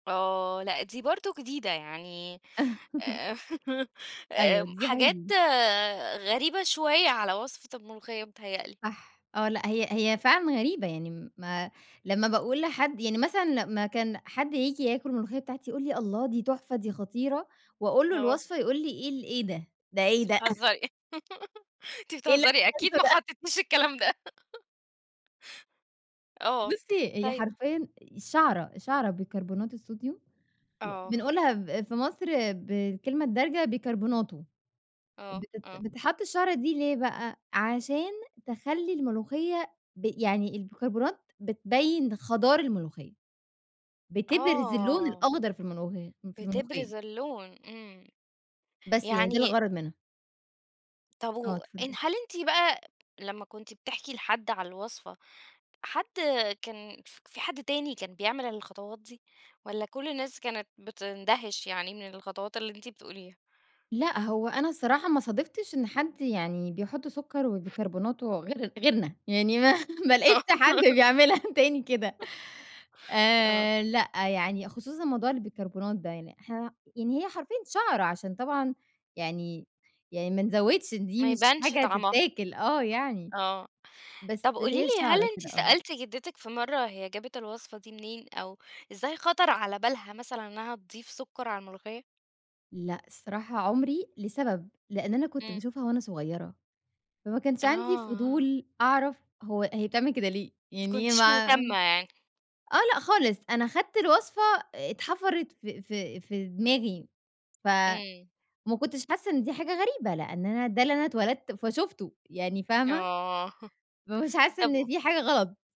آه، لأ، دي برضه جديدة، يعني آآ أيوه، آآ دي حاجة حاجات جديدة. غريبة شوية على وصفة المُلُوخيّة بيتْهيّأ لي. صح آه، لأ، هي هي فعلًا غريبة، يعني م ما لمّا باقول لحد يعني مثلًا لما كان حد ييجي ياكُل المُلُوخيّة بتاعتي، يقول لي: "الله دي تُحْفة، دي خطيرة" وأقول له آه. الوصفة، يقول لي: "إيه، ال إيه ده، ده إيه أنتِ ده!" بتهزّري أنتِ إيه اللي بتهزّري [unintelligible] أكيد ما ده. حطّيتيش الكلام ده؟ آه، بُصي هي طيب حرفيًا شَعْرَة، شَعْرَة بيكربونات الصوديوم، و آه. بنقولها ب في مصر بالكلمة الدَارْجة بيْكرْبْوناتو، آه، بتت آه. بتتحط الشَعْرَة دي ليه بقى، عشان تخلّي المُلُوخيّة ب يعني البيكربونات بتبيّن خَضار المُلوخية، بِتبْرِز اللَّوْن آه. الأخْضر في المُلُوخيّة في المُلُوخيّة. بِتبْرِز اللَّوْن، إمم. بس هي دي يعني الغرض منها. طب آه، وإن اتفضلي. هل أنتِ بقى لما كنتِ بتحْكي لحد على الوصفة، حد كان ف في حد تاني كان بيعمل الخطوات دي، والّا كُلّ الناس كانت بتنْدهِش يعني من الخطوات اللي أنتِ بتقوليها؟ لأ، هو أنا الصراحة ما صادفتش إن حد يعني بيحُطّ سُكر وبيْكرْبْوناتو غير غيرنا، يعني ما ما آه. لقيتش حد بيعملها تاني كده امم. آه. آآ لأ، يعني خصوصًا موضوع البيكربونات ده، يعني إحنا يعني هي حرفيًا شَعْرَة عشان طبعًا يعني يعني ما نزوِّدش دي ما مش يبانش حاجة طعمها، تِتّاكِل آه، يعني آه، طب بس قولي هي لي هل شَعْرَة أنتِ كده آه. سألتِ جدِّتِك في مَرَّة هي جابت الوصفة دي منين، أو إزاي خطر على بالها مثلًا إنها تضيف سُكَّر على المُلُوخيّة؟ لأ، الصراحة عمري، لسبب لإن أنا كنت إمم. باشوفها وأنا صغيرة، فما كانش عندي آه. فضول أعرف هو هي بتعمل كده ليه، ما يعني كنتيش ما مُهتمة يعني. آه، لأ، خالص، أنا خدت الوصفة اتْحفرت في في في دماغي، ف إمم. وما كُنتش حاسة إن دي حاجة غريبة، لأن أنا ده اللي أنا اتولدت فشُفتُه يعني فاهمة؟ آه فمش حاسة طب إن قُ في حاجة غلط.